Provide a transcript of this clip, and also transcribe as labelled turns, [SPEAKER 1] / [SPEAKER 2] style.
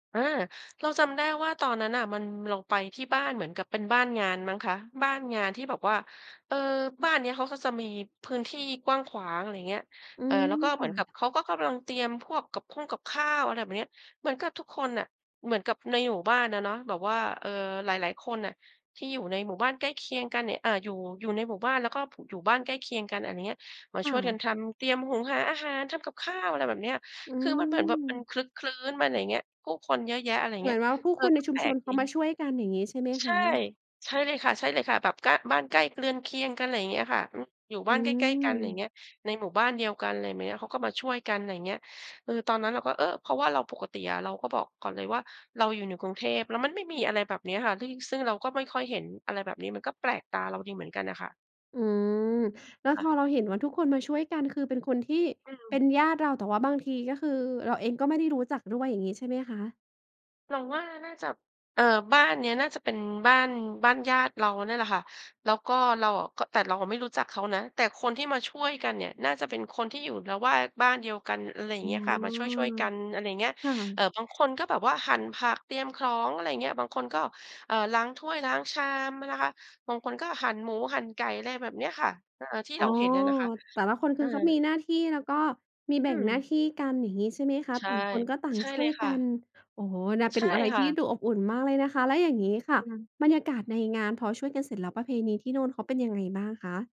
[SPEAKER 1] อา เราจำได้ว่า ตอนนั้นน่ะ มัน เราไปที่บ้านเหมือนกับเป็นบ้านงานมั้งคะ บ้านงานที่แบบว่า เอ่อ บ้านนี้เขาก็จะมีพื้นที่กว้างขวาง อะไรอย่างเงี้ย
[SPEAKER 2] อื
[SPEAKER 1] เออ แล้วก็เหมือนกั
[SPEAKER 2] ม
[SPEAKER 1] บเขาก็กำลังเตรียมพวกกับข่งกับข้าว อะไรแบบนี้ เหมือนกับทุกคนน่ะ เหมือนกับในหมู่บ้านอะเนาะ แบบว่า เออ หลาย ๆ คนน่ะ ที่อยู่ในหมู่บ้านใกล้เคียงกันเนี่ย อ่า อยู่ อยู่ในหมู่บ้าน แล้วก็อยู่บ้านใกล้เคียงกันอันเนี้ย มา
[SPEAKER 2] ค่
[SPEAKER 1] ช่วยก
[SPEAKER 2] ะ
[SPEAKER 1] ันทำ เตรียมหุงหาอาหาร ทำกับข้าว อะไรแบบเนี้ย
[SPEAKER 2] อื
[SPEAKER 1] คือมันเหมือนแบบมัน
[SPEAKER 2] ม
[SPEAKER 1] ครึกครื้นมันอย่างเงี้ย ผู้คนเยอะแยะ อะไรอย่าง
[SPEAKER 2] เ
[SPEAKER 1] เ
[SPEAKER 2] หม
[SPEAKER 1] งี
[SPEAKER 2] ื
[SPEAKER 1] ้
[SPEAKER 2] อ
[SPEAKER 1] ย
[SPEAKER 2] นว่าผู้
[SPEAKER 1] เออ
[SPEAKER 2] คนใ
[SPEAKER 1] ก
[SPEAKER 2] น
[SPEAKER 1] ็
[SPEAKER 2] ช
[SPEAKER 1] แ
[SPEAKER 2] ุ
[SPEAKER 1] ป
[SPEAKER 2] ม
[SPEAKER 1] ล
[SPEAKER 2] ช
[SPEAKER 1] ก
[SPEAKER 2] นเข
[SPEAKER 1] ดี
[SPEAKER 2] ามาช่วยกัน อย่างงี้ใช่ไหม
[SPEAKER 1] ใ
[SPEAKER 2] ค
[SPEAKER 1] ช่
[SPEAKER 2] ะ?
[SPEAKER 1] ใช่เลยค่ะ ใช่เลยค่ะ แบบก้าน บ้านใกล้เรือนเคียงกัน อะไรอย่างเงี้ยค่ะ อืม อยู่
[SPEAKER 2] อ
[SPEAKER 1] บ้
[SPEAKER 2] ื
[SPEAKER 1] านใกล้ ๆ กัน อะไรอย่างเ
[SPEAKER 2] ม
[SPEAKER 1] งี้ย ในหมู่บ้านเดียวกัน อะไรแบบเนี้ย เขาก็มาช่วยกัน อะไรอย่างเงี้ย เออ ตอนนั้นเราก็ เออ เพราะว่าเราปกติอะเราก็บอกก่อนเลยว่า เราอยู่ในกรุงเทพ แล้วมันไม่มีอะไรแบบนี้ค่ะ ที่ ซึ่งเราก็ไม่ค่อยเห็นอะไรแบบนี้ มันก็แปลกตาเราดีเหมือนกันน่ะค่ะ
[SPEAKER 2] อืม แล้ว
[SPEAKER 1] ค่
[SPEAKER 2] พ
[SPEAKER 1] ะ
[SPEAKER 2] อเราเห็นว่า ทุกคนมาช่วยกัน คือเป็นคนที่
[SPEAKER 1] อื
[SPEAKER 2] เ
[SPEAKER 1] ม
[SPEAKER 2] ป็นญาติเรา แต่ว่าบางที ก็คือเราเองก็ไม่ได้รู้จักด้วย อย่างงี้ใช่ไหมคะ?
[SPEAKER 1] เราว่า น่าจะ เอ่อ บ้านนี้น่าจะเป็นบ้าน บ้านญาติเราเนี่ยแหละค่ะ แล้วก็เราอะ ก็ แต่เราไม่รู้จักเขานะ แต่คนที่มาช่วยกันเนี่ย น่าจะเป็นคนที่อยู่ระแวกบ้านเดียวกัน อะไรอย่
[SPEAKER 2] อ
[SPEAKER 1] า
[SPEAKER 2] ๋
[SPEAKER 1] งเ
[SPEAKER 2] อ
[SPEAKER 1] งี้ยค่ะ มาช่วย ๆ กัน อะไรอย่างเงี้ย
[SPEAKER 2] ค่
[SPEAKER 1] เอ
[SPEAKER 2] ะ
[SPEAKER 1] ่อ บางคนก็แบบว่าหั่นผัก เตรียมของ อะไรอย่างเงี้ย บางคนก็ เอ่อ ล้างถ้วย ล้างชามนะคะ บางคน ก็หั่นหมู หั่นไก่ อะไรแบบเนี้ยค่ะ เอ่อ ที่
[SPEAKER 2] อ๋
[SPEAKER 1] เร
[SPEAKER 2] อ
[SPEAKER 1] าเห็นอะนะคะ
[SPEAKER 2] แต่ละคน ค
[SPEAKER 1] อ
[SPEAKER 2] ื
[SPEAKER 1] า
[SPEAKER 2] อเขามีหน้าที่ แล้วก็มีแบ
[SPEAKER 1] อื
[SPEAKER 2] ่งหน้า
[SPEAKER 1] ม
[SPEAKER 2] ที่กัน อย่างงี้ใช่ไหมคะ
[SPEAKER 1] ใช
[SPEAKER 2] ต
[SPEAKER 1] ่
[SPEAKER 2] ่างคนก็ต่าง
[SPEAKER 1] ใช่
[SPEAKER 2] ช่
[SPEAKER 1] เล
[SPEAKER 2] ว
[SPEAKER 1] ย
[SPEAKER 2] ย
[SPEAKER 1] ค
[SPEAKER 2] ก
[SPEAKER 1] ่
[SPEAKER 2] ั
[SPEAKER 1] ะ
[SPEAKER 2] น โอ้โฮ นะ เ
[SPEAKER 1] ใ
[SPEAKER 2] ป
[SPEAKER 1] ช
[SPEAKER 2] ็
[SPEAKER 1] ่
[SPEAKER 2] นอะไร
[SPEAKER 1] ค
[SPEAKER 2] ท
[SPEAKER 1] ่
[SPEAKER 2] ี
[SPEAKER 1] ะ
[SPEAKER 2] ่ดูอบอุ่นมากเลยนะคะ แล้วอย่างงี้
[SPEAKER 1] อ
[SPEAKER 2] ค่ะ
[SPEAKER 1] ืม
[SPEAKER 2] บรรยากาศในงานพอช่วยกันเสร็จแล้ว ประเพณีที่นู่นเขาเป็นยังไงบ้างคะ?